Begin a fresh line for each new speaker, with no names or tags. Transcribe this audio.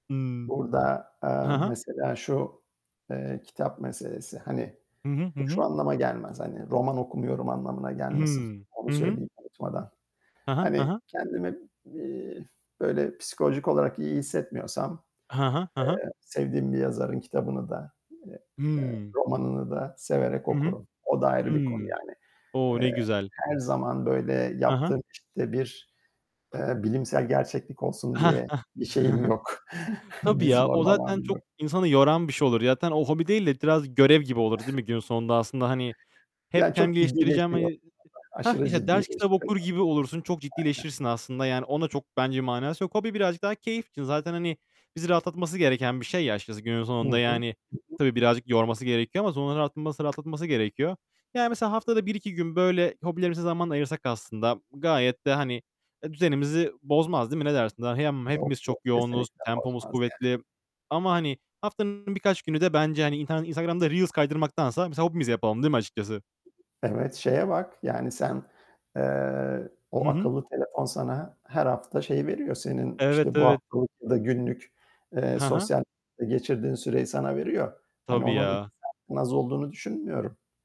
Hıı.
Burada,
He
aaa,
he.
mesela şu, eee, kitap meselesi, hani,
Hı hı, hı
bu, şu
hı.
anlama gelmez, hani, roman okumuyorum anlamına
I
gelmesin.
hı,
Onu
hı hı.
söyleyeyim unutmadan.
Hı hı, hı
Hani,
hı.
kendimi, iii, böyle psikolojik olarak iyi hissetmiyorsam,
Hı hı, hı hı.
eee, sevdiğim bir yazarın kitabını da, eee, eee,
Hıı.
romanını da severek
Hı hı.
okurum. O da ayrı bir konu
Hıı.
yani.
O! Ne
Eee,
güzel.
her zaman böyle
Hı hı.
yaptığım, işte, bir, eee, bilimsel gerçeklik olsun diye bir şeyim yok.
Tabii
Bir
ya. O
zorlamam
zaten çok
yok.
insanı yoran bir şey olur. Ya, zaten o hobi değil de biraz görev gibi olur, değil mi günün sonunda aslında, hani,
Ya,
hep kendim,
çok
geliştireceğim, hani,
ciddileşiyor,
ı ı
[unintelligible]
Hah!
aşırı
İşte, ders
ciddileşiyor.
kitap okur
[unintelligible]
gibi olursun, çok
Aynen.
ciddileşirsin aslında. Yani, onun da çok bence manası yok. Hobi birazcık daha keyif için. Zaten, hani, bizi rahatlatması gereken bir şey ya, açıkçası günün
Hı hı,
sonunda, yani,
hı hı.
tabii birazcık yorması gerekiyor ama sonra rahatması rahatlatması gerekiyor. Yani, mesela haftada 1-2 gün böyle hobilerimize zaman ayırsak aslında gayet de, hani, eee, düzenimizi bozmaz, değil mi ne dersin? Dahi yam
Yok,
hepimiz çok
yok.
yoğunuz,
Kesinlikle
tempomuz
bozmaz ya
kuvvetli ama, hani, haftanın birkaç günü de bence, hani, intar Instagram'da reels kaydırmaktansa mesela hobimizi yapalım, değil mi açıkçası?
Evet, şeye bak; yani, sen, eee,
Hı
o
hı.
akıllı telefon sana her hafta şeyi veriyor; senin,
Evet,
işte, bu
evet.
haftalık ya da günlük, eee,
Ha ha.
sosyal medyada geçirdiğin süreyi sana veriyor. Hani,
Tabii
onun
ya.
2 saatten az olduğunu düşünmüyorum.